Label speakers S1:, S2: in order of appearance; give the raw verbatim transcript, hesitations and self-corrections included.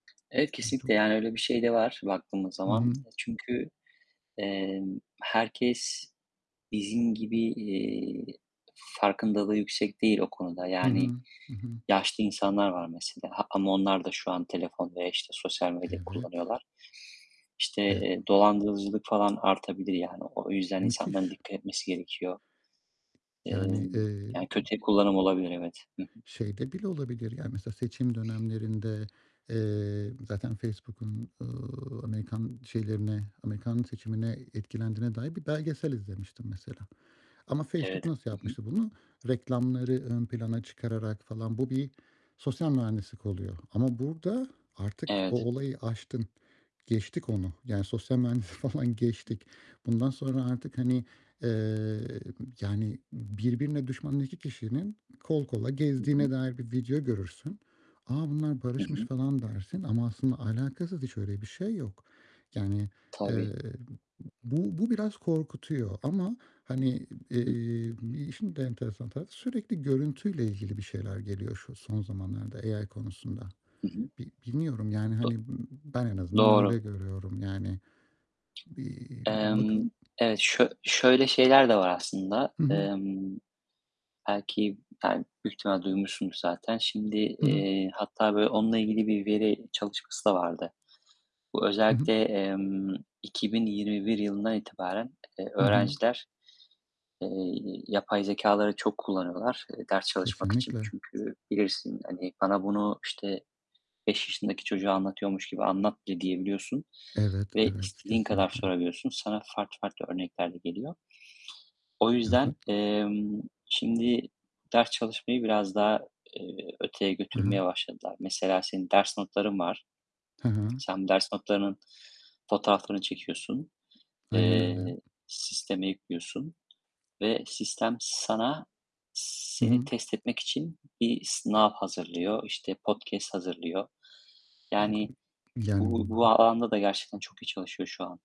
S1: Evet, kesinlikle, yani,
S2: [unintelligible]
S1: öyle bir şey de var baktığımız
S2: Hı
S1: zaman
S2: hı.
S1: çünkü, emm, herkes bizim gibi, iii, farkındalığı yüksek değil o konuda.
S2: Hı hı,
S1: Yani
S2: hı hı.
S1: yaşlı insanlar var mesela, ha, ama onlar da şu an telefon veya, işte, sosyal medya
S2: Evet.
S1: kullanıyorlar. İşte,
S2: Ve
S1: dolandırıcılık falan artabilir yani. O o yüzden insanların
S2: Müthiş.
S1: dikkat etmesi gerekiyor.
S2: Yani,
S1: Emm,
S2: eee,
S1: yani kötüye kullanım olabilir evet. Hı hı.
S2: şeyde bile olabilir ya, mesela seçim dönemlerinde, eee, zaten Facebook'un, ııı, Amerikan şeylerine Amerikan seçimine etkilendiğine dair bir belgesel izlemiştim mesela ama Facebook
S1: Evet.
S2: nasıl
S1: Hı hı.
S2: yapmıştı bunu, reklamları ön plana çıkararak falan. Bu bir sosyal mühendislik oluyor ama burada artık o
S1: Evet.
S2: olayı aştın. Geçtik onu. Yani sosyal mühendisliği falan geçtik. Bundan sonra artık, hani, eee, yani, birbirine düşmanın iki kişinin kol kola
S1: Hı
S2: gezdiğine
S1: hı.
S2: dair bir video görürsün. "A, bunlar
S1: Hı
S2: barışmış."
S1: hı.
S2: falan dersin ama aslında alakasız hiç öyle bir şey yok. Yani,
S1: Tabii.
S2: eee, bu bu biraz korkutuyor ama, hani,
S1: Hıh.
S2: eee, işin de enteresan tarafı sürekli görüntüyle ilgili bir şeyler geliyor şu son zamanlarda A-I konusunda.
S1: Hı hı.
S2: Bi bilmiyorum, yani, hani, ımm, ben en azından
S1: Doğru.
S2: öyle görüyorum, yani, bir
S1: Emm,
S2: bakalım.
S1: evet, şö şöyle şeyler de var aslında,
S2: Hı hı.
S1: emm, belki, yani, büyük ihtimal duymuşsundur zaten. Şimdi,
S2: Hı hı.
S1: eee, hatta böyle onunla ilgili bir veri çalışması da vardı. Bu
S2: Hı hı.
S1: özellikle, emm, iki bin yirmi bir yılından itibaren, eee,
S2: Hı hı.
S1: öğrenciler, eee, yapay zekâları çok kullanıyorlar, eee, ders çalışmak için.
S2: Kesinlikle.
S1: Çünkü bilirsin, hani, bana bunu işte beş yaşındaki çocuğa anlatıyormuş gibi anlat de diyebiliyorsun
S2: Evet,
S1: ve
S2: evet,
S1: istediğin kadar
S2: kesinlikle.
S1: sorabiliyorsun. Sana farklı farklı örneklerle geliyor. O yüzden,
S2: [unintelligible]
S1: emm, şimdi ders çalışmayı biraz daha, eee, öteye
S2: Hı hı.
S1: götürmeye başladılar. Mesela senin ders notların var.
S2: Hı hı.
S1: Sen ders notlarının fotoğraflarını çekiyorsun,
S2: Aynen öyle.
S1: eee, sisteme yüklüyorsun ve sistem sana
S2: Hı hı.
S1: seni test etmek için bir sınav hazırlıyor, işte, podcast hazırlıyor, yani
S2: [unintelligible]
S1: bu
S2: Yani
S1: bu
S2: [unintelligible]
S1: alanda da gerçekten çok iyi çalışıyor şuan.